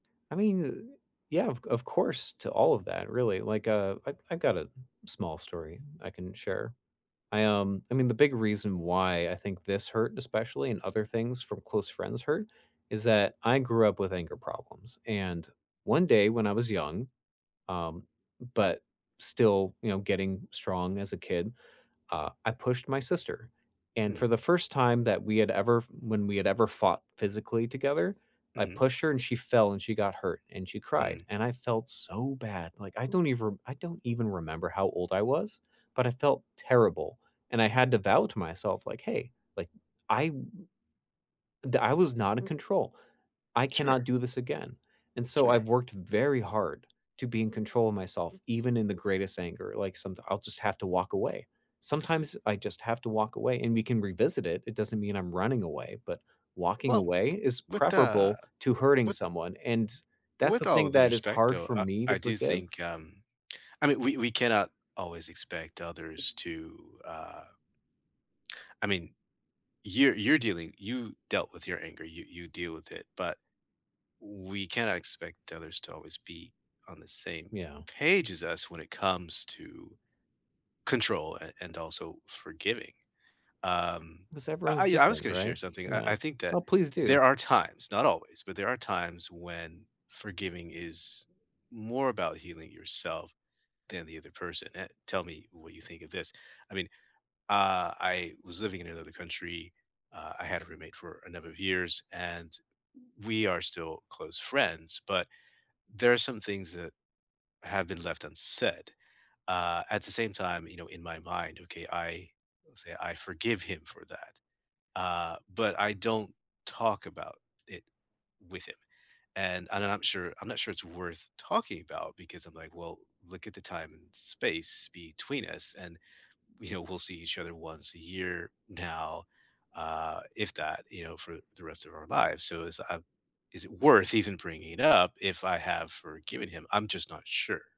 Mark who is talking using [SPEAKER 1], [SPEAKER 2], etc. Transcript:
[SPEAKER 1] I mean, yeah, of of course, to all of that, really, like, uh, I I've got a small story I can share. I, um, I mean, the big reason why I think this hurt especially and other things from close friends hurt is that I grew up with anger problems and one day when I was young, um, but still, you know, getting strong as a kid, uh, I pushed my sister, and
[SPEAKER 2] Hmm.
[SPEAKER 1] for the first time that we had ever f when we had ever fought physically together, I
[SPEAKER 2] Mhm.
[SPEAKER 1] pushed her and she fell and she got hurt and she
[SPEAKER 2] Hmm.
[SPEAKER 1] cried, and I felt so bad, like, I don't even I don't even remember how old I was, but I felt terrible and I had to vow to myself, like, "Hey, like I w d I was not in control. I cannot
[SPEAKER 2] Sure.
[SPEAKER 1] do this again." And so
[SPEAKER 2] Sure.
[SPEAKER 1] I've worked very hard to be in control of myself, even in the greatest anger, like, someti I'll just have to walk away. Sometimes I just have to walk away and we can revisit it, it doesn't mean I'm running away, but walking
[SPEAKER 2] Well,
[SPEAKER 1] away is
[SPEAKER 2] with the
[SPEAKER 1] preferable to hurting
[SPEAKER 2] with
[SPEAKER 1] someone, and that's
[SPEAKER 2] with
[SPEAKER 1] the
[SPEAKER 2] all
[SPEAKER 1] thing
[SPEAKER 2] due
[SPEAKER 1] that is
[SPEAKER 2] respect,
[SPEAKER 1] hard
[SPEAKER 2] though,
[SPEAKER 1] for
[SPEAKER 2] I
[SPEAKER 1] me to
[SPEAKER 2] I do
[SPEAKER 1] forgive
[SPEAKER 2] think, um, I mean, we we cannot always expect others to, uh I mean, you're you're dealing you dealt with your anger, you you deal with it, but, we cannot expect others to always be on the same
[SPEAKER 1] Yeah.
[SPEAKER 2] page as us when it comes to control an and also forgiving. Um,
[SPEAKER 1] 'Cause
[SPEAKER 2] I
[SPEAKER 1] everyone's
[SPEAKER 2] I I was
[SPEAKER 1] different,
[SPEAKER 2] gonna share
[SPEAKER 1] right?
[SPEAKER 2] something. I
[SPEAKER 1] Yeah.
[SPEAKER 2] I think that
[SPEAKER 1] Well, please do.
[SPEAKER 2] there are times, not always, but there are times when forgiving is more about healing yourself than the other person an tell me what you think of this. I mean, uh, I was living in another country, uh, I had a roommate for a number of years, and we are still close friends, but there are some things that have been left unsaid. Uh, at the same time, you know, in my mind, okay, I say I forgive him for that, uh, but, I don't talk about it with him, and I'm not sure I'm not sure it's worth talking about because I'm, like, "Well, look at the time and space between us, and, you know, we'll see each other once a year now, uh, if that, you know, for the rest of our lives. So is, uh, is it worth even bringing it up if I have forgiven him?" I'm just not sure.